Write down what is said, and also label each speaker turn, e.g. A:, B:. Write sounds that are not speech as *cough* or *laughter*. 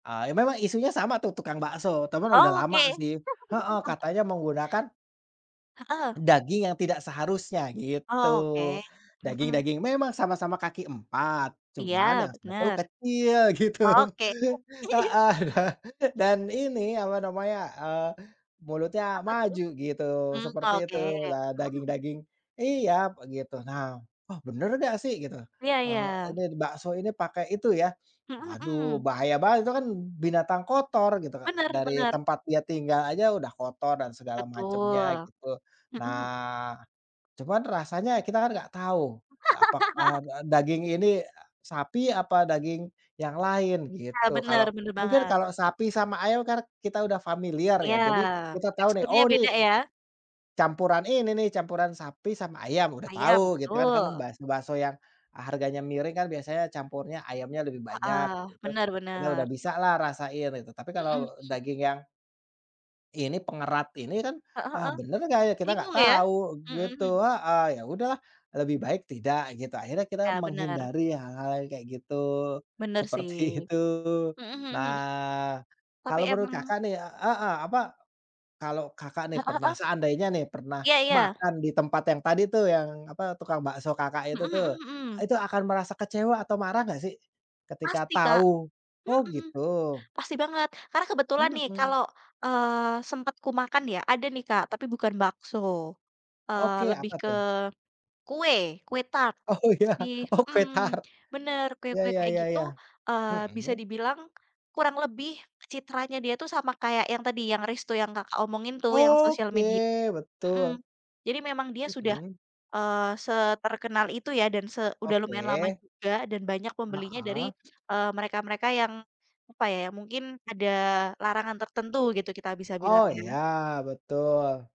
A: Eee, emang ma isunya sama tuh tukang bakso, tapi emang udah
B: Oh,
A: lama
B: oke.
A: sih, heeh
B: *chuckles*
A: katanya menggunakan
B: Heeh.
A: daging yang tidak seharusnya gitu.
B: Oke, hmm.
A: Daging-daging memang sama-sama kaki empat, cuman
B: Iya,
A: yang satu
B: bener.
A: kecil gitu,
B: Oke.
A: heeh,
B: *chuckles*
A: dan dan ini apa namanya, eee, mulutnya
B: Apa tuh?
A: maju gitu
B: Mmm,
A: seperti itu,
B: oke.
A: eee,
B: Mhm, hmm.
A: daging-daging. Iya begitu. Nah, "Oh, bener enggak sih?" Gitu.
B: Iya iya.
A: "Eee, ini bakso ini pakai itu ya, *snorts*
B: Mmm,
A: waduh
B: hmm.
A: bahaya banget itu kan binatang kotor," gitu, Kak,
B: Bener
A: dari
B: bener.
A: tempat dia tinggal aja udah kotor dan segala macamnya
B: Betul,
A: gitu.
B: hmm.
A: Nah, cuman rasanya kita kan enggak tahu apakah, eee,
B: *laughs*
A: daging ini sapi apa daging yang lain
B: Iya
A: gitu.
B: bener
A: Kalau
B: bener
A: mungkin
B: banget.
A: kalau sapi sama ayam kan kita udah familiar ya
B: Iya,
A: jadi kita tahu nih,
B: teksturnya
A: "Oh,
B: beda
A: nih
B: ya?
A: campuran ini nih, campuran sapi sama ayam," udah
B: Ayam,
A: tahu gitu kan, karena kan
B: betul.
A: bas bakso yang, eee, harganya miring kan biasanya campurnya ayamnya lebih banyak
B: Heeh.
A: gitu tuh.
B: Bener
A: Ini sudah
B: bener.
A: bisalah rasain itu, tapi
B: Mmm,
A: kalau
B: hmm.
A: daging yang ini pengerat ini kan,
B: Heeh
A: "Ah,
B: heeh.
A: bener enggak ya?" Kita enggak
B: Bingung ya?
A: tahu
B: Mmm, hmm.
A: gitu, heeh. Ya udahlah lebih baik tidak gitu, akhirnya kita
B: Iya benar.
A: menghindari hal-hal yang kayak gitu,
B: Benar sih.
A: seperti
B: Mmm,
A: itu.
B: hmm hmm.
A: Nah,
B: Tapi
A: kalau menurut
B: emang
A: Kakak nih, eee, heeh, apa, kalau Kakak nih
B: Heeh
A: pernah
B: heeh.
A: seandainya nih pernah
B: Iya iya.
A: makan di tempat yang tadi tuh yang apa tukang bakso Kakak
B: Mmm,
A: itu tuh.
B: hmm, mmm.
A: Itu akan merasa kecewa atau marah enggak sih, ketika
B: Pasti, Kak.
A: tahu? Oh
B: Hmm,
A: gitu.
B: pasti banget. Karena kebetulan nih
A: Mmm.
B: kalau, eee, sempat kumakan ya ada nih, Kak, tapi bukan bakso, eee,
A: Oke,
B: lebih
A: apa
B: ke
A: tuh?
B: kue kue tart.
A: Oh, ya.
B: Jadi
A: Oh, kue
B: hmm,
A: tart.
B: bener.
A: Iya
B: Kue-kue
A: iya
B: kayak
A: iya
B: gitu,
A: iya,
B: eee, bisa
A: mmm.
B: dibilang kurang lebih citranya dia tuh sama kayak yang tadi yang resto yang Kakak omongin tuh yang sosial media,
A: Oke,
B: mmm.
A: betul.
B: Jadi memang dia sudah,
A: Mmm.
B: eee, seterkenal itu ya dan se udah lumayan lama
A: Oke.
B: juga dan banyak pembelinya dari,
A: Heeh.
B: eee, mereka-mereka yang apa ya, ya mungkin ada larangan tertentu gitu kita bisa
A: Oh,
B: bilangnya.
A: iya. Betul.